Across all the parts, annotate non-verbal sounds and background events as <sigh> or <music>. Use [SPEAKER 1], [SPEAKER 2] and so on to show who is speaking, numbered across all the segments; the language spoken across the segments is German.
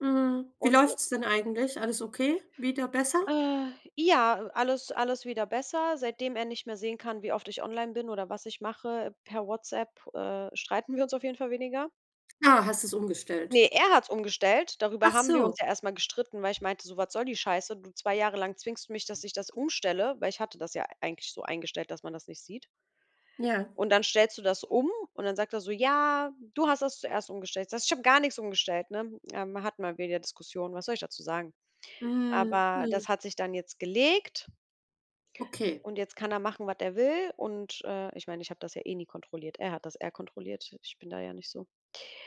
[SPEAKER 1] Mhm. Wie
[SPEAKER 2] Und äh
[SPEAKER 1] läuft's denn eigentlich? Alles okay? Wieder besser?
[SPEAKER 2] Äh, ja, alles alles wieder besser. Seitdem er nicht mehr sehen kann, wie oft ich online bin oder was ich mache per WhatsApp, äh, streiten wir uns auf jeden Fall weniger.
[SPEAKER 1] Ah, hast du's umgestellt?
[SPEAKER 2] Ne, er hat's umgestellt. Darüber
[SPEAKER 1] Ach
[SPEAKER 2] haben wir
[SPEAKER 1] so.
[SPEAKER 2] uns ja erst mal gestritten, weil ich meinte so: „Was soll die Scheiße? Du, 2 Jahre lang zwingst du mich, dass ich das umstelle“ weil ich hatte das ja e eigentlich so eingestellt, dass man das nicht sieht.
[SPEAKER 1] Ja.
[SPEAKER 2] Und dann stellst du das um und dann sagt er so: „Ja, du hast das zuerst umgestellt.“ Ich sage so: „Ich habe gar nichts umgestellt,“ ne? Ähm, hatten wir wieder Diskussionen. Was soll ich dazu sagen?
[SPEAKER 1] Mhm.
[SPEAKER 2] Aber das
[SPEAKER 1] Mhm.
[SPEAKER 2] hat sich dann jetzt gelegt
[SPEAKER 1] Okay.
[SPEAKER 2] und jetzt kann er machen, was er will und äh, ich meine, ich habe das ja eh nie kontrolliert. Er hat das eher kontrolliert. Ich bin da ja nicht so.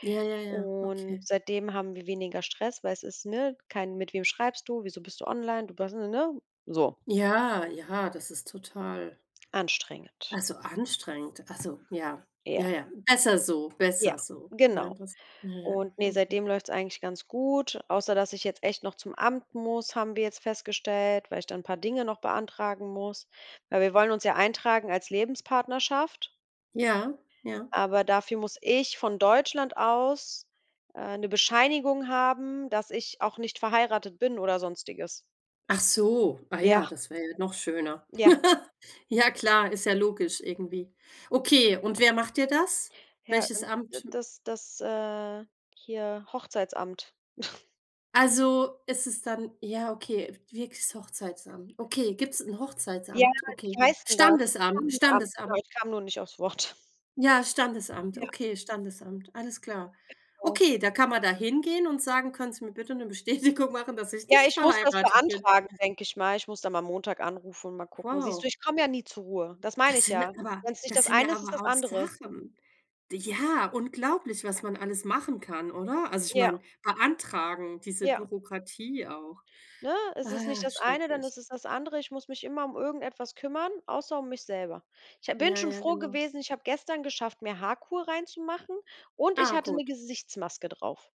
[SPEAKER 1] Ja, ja, ja.
[SPEAKER 2] Und
[SPEAKER 1] Okay.
[SPEAKER 2] seitdem haben wir weniger Stress, weil es ist, ne, kein: „Mit wem schreibst du, wieso bist du online?“ Du bas ne ne? So.
[SPEAKER 1] Ja, ja, das ist total
[SPEAKER 2] Anstrengend.
[SPEAKER 1] also, anstrengend, also, ja, ja,
[SPEAKER 2] Ja.
[SPEAKER 1] ja. Besser so, besser
[SPEAKER 2] Ja.
[SPEAKER 1] so. Ja
[SPEAKER 2] Genau.
[SPEAKER 1] das, ja ja,
[SPEAKER 2] Und
[SPEAKER 1] auf
[SPEAKER 2] ne,
[SPEAKER 1] jeden Fall.
[SPEAKER 2] seitdem läuft's eigentlich ganz gut, außer dass ich jetzt echt noch zum Amt muss, haben wir jetzt festgestellt, weil ich da 'n paar Dinge noch beantragen muss. Weil wir wollen uns ja eintragen als Lebenspartnerschaft
[SPEAKER 1] Ja, ja.
[SPEAKER 2] aber dafür muss ich von Deutschland aus, äh, 'ne Bescheinigung haben, dass ich auch nicht verheiratet bin oder sonstiges.
[SPEAKER 1] Ach so, ah,
[SPEAKER 2] Ja.
[SPEAKER 1] ja, das wäre ja noch schöner.
[SPEAKER 2] Ja.
[SPEAKER 1] <laughs> Ja klar, ist ja logisch irgendwie. Okay, und wer macht dir das?
[SPEAKER 2] Ja,
[SPEAKER 1] Welches
[SPEAKER 2] un d
[SPEAKER 1] Amt? M
[SPEAKER 2] das das äh, hier Hochzeitsamt. <chuckles>
[SPEAKER 1] Also, es ist dann Ja, okay, wirklich's Hochzeitsamt. Okay, gibt's 'n
[SPEAKER 2] Ja,
[SPEAKER 1] Hochzeitsamt? Okay.
[SPEAKER 2] wie heißt denn das?
[SPEAKER 1] Standesamt,
[SPEAKER 2] Standesamt, genau.
[SPEAKER 1] Standesamt.
[SPEAKER 2] Kam nur nicht aufs Wort.
[SPEAKER 1] Ja, Standesamt,
[SPEAKER 2] Ja.
[SPEAKER 1] okay, Standesamt, alles klar.
[SPEAKER 2] Genau.
[SPEAKER 1] Okay, da kann man da hingehen und sagen: „Können sie mir bitte 'ne Bestätigung machen, dass ich
[SPEAKER 2] Ja,
[SPEAKER 1] nicht
[SPEAKER 2] ich muss das
[SPEAKER 1] verheiratet bin?“ <chuckles>
[SPEAKER 2] beantragen, denke ich mal. Ich muss da mal Montag anrufen und mal gucken. Siehst du,
[SPEAKER 1] Wow.
[SPEAKER 2] ich komme ja nie zur Ruhe. Das meine
[SPEAKER 1] Das
[SPEAKER 2] ich
[SPEAKER 1] sind
[SPEAKER 2] ja.
[SPEAKER 1] aber
[SPEAKER 2] Wenn es nicht
[SPEAKER 1] das
[SPEAKER 2] das
[SPEAKER 1] sind ja
[SPEAKER 2] eine ist, ist es
[SPEAKER 1] aber
[SPEAKER 2] das
[SPEAKER 1] auch
[SPEAKER 2] andere.
[SPEAKER 1] Sachen. D ja, unglaublich, was man alles machen kann, oder? Also, ich
[SPEAKER 2] Ja.
[SPEAKER 1] meine, beantragen. Diese
[SPEAKER 2] Ja.
[SPEAKER 1] Bürokratie auch.
[SPEAKER 2] Ne, es ist nicht
[SPEAKER 1] Ah,
[SPEAKER 2] das eine, dann
[SPEAKER 1] schrecklich.
[SPEAKER 2] ist es das andere. Ich muss mich immer um irgendetwas kümmern, außer um mich selber. Ich ha bin
[SPEAKER 1] Ja,
[SPEAKER 2] schon
[SPEAKER 1] ja,
[SPEAKER 2] froh
[SPEAKER 1] genau.
[SPEAKER 2] gewesen, ich habe gestern geschafft, mir Haarkur reinzumachen und ich
[SPEAKER 1] Ah,
[SPEAKER 2] hatte 'ne
[SPEAKER 1] gut.
[SPEAKER 2] Gesichtsmaske drauf.